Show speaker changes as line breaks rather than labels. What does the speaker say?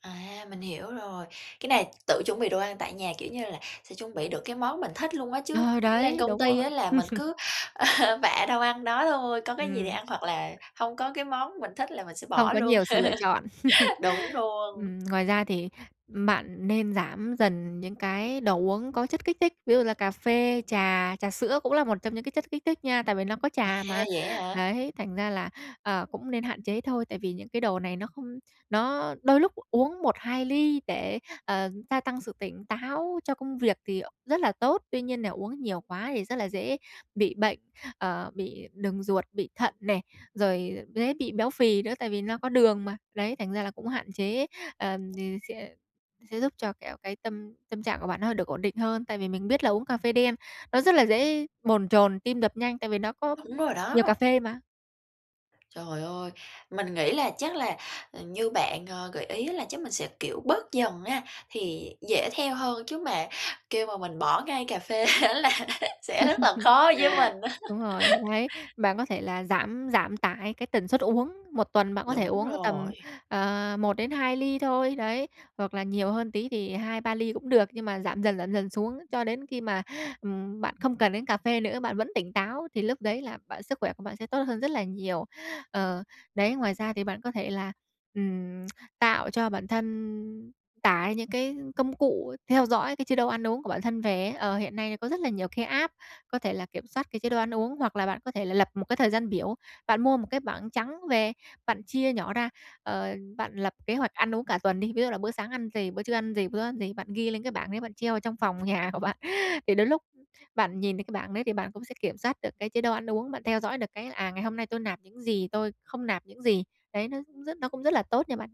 À! Mình hiểu rồi. Cái này tự chuẩn bị đồ ăn tại nhà, kiểu như là, sẽ chuẩn bị được cái món mình thích luôn á, chứ
Ờ,
lên
đấy,
công
đúng
ty
rồi.
á là mình cứ bạ đâu ăn đó thôi, có cái gì thì
Ừm.
ăn hoặc là hông có cái món mình thích là mình sẽ
Hông
bỏ
có
luôn.
nhiều sự lựa chọn.
Đúng luôn.
Ừm, ngoài ra thì bạn nên giảm dần những cái đồ uống có chất kích thích, ví dụ là cà phê, trà, trà sữa cũng là một trong những cái chất kích thích nha, tại vì nó có
À!
trà mà.
Vậy á hả?
Đấy, thành ra là, ờ, cũng nên hạn chế thôi, tại vì những cái đồ này nó không nó đôi lúc uống 1, 2 ly để, ờ, gia tăng sự tỉnh táo cho công việc thì rất là tốt. Tuy nhiên để uống nhiều quá thì rất là dễ bị bệnh, ờ, bị đường ruột, bị thận nè, rồi dễ bị béo phì nữa tại vì nó có đường mà. Đấy, thành ra là cũng hạn chế, ờ, thì sẽ sẽ giúp cho kẹo cái tâm tâm trạng của bạn nó được ổn định hơn, tại vì mình biết là uống cà phê đen, nó rất là dễ bồn chồn, tim đập nhanh, tại vì nó có
Đúng rồi
nhiều cà
đó.
phê mà.
Trời ơi! Mình nghĩ là chắc là như bạn, à, gợi ý là chắc mình sẽ, kiểu, bớt dần á, thì dễ theo hơn chứ mà kêu mà mình bỏ ngay cà phê á là sẽ rất là khó với mình á.
Đúng rồi, đấy. Bạn có thể là giảm giảm tải cái tần suất uống, một tuần bạn có thể
Đúng
uống tầm,
rồi.
ờ, 1-2 ly thôi, đấy, hoặc là nhiều hơn tí thì 2, 3 ly cũng được, nhưng mà giảm dần, giảm dần xuống cho đến khi mà, ừm, bạn không cần đến cà phê nữa, bạn vẫn tỉnh táo thì lúc đấy là bạn sức khỏe của bạn sẽ tốt hơn rất là nhiều. Ờ, đấy, ngoài ra thì bạn có thể là, ừm, tạo cho bản thân tải những cái công cụ theo dõi cái chế độ ăn uống của bản thân về ấy, ờ, hiện nay có rất là nhiều cái app có thể là kiểm soát cái chế độ ăn uống. Hoặc là bạn có thể là lập một cái thời gian biểu, bạn mua một cái bảng trắng về, bạn chia nhỏ ra, ờ, bạn lập kế hoạch ăn uống cả tuần đi, ví dụ là bữa sáng ăn gì, bữa trưa ăn gì, bữa ăn gì, bạn ghi lên cái bảng đấy bạn treo ở trong phòng nhà của bạn. Thì đến lúc bạn nhìn thấy cái bảng đấy thì bạn cũng sẽ kiểm soát được cái chế độ ăn uống, bạn theo dõi được cái, à, ngày hôm nay tôi nạp những gì, tôi không nạp những gì. Đấy, nó rất nó cũng rất là tốt nha bạn nhá.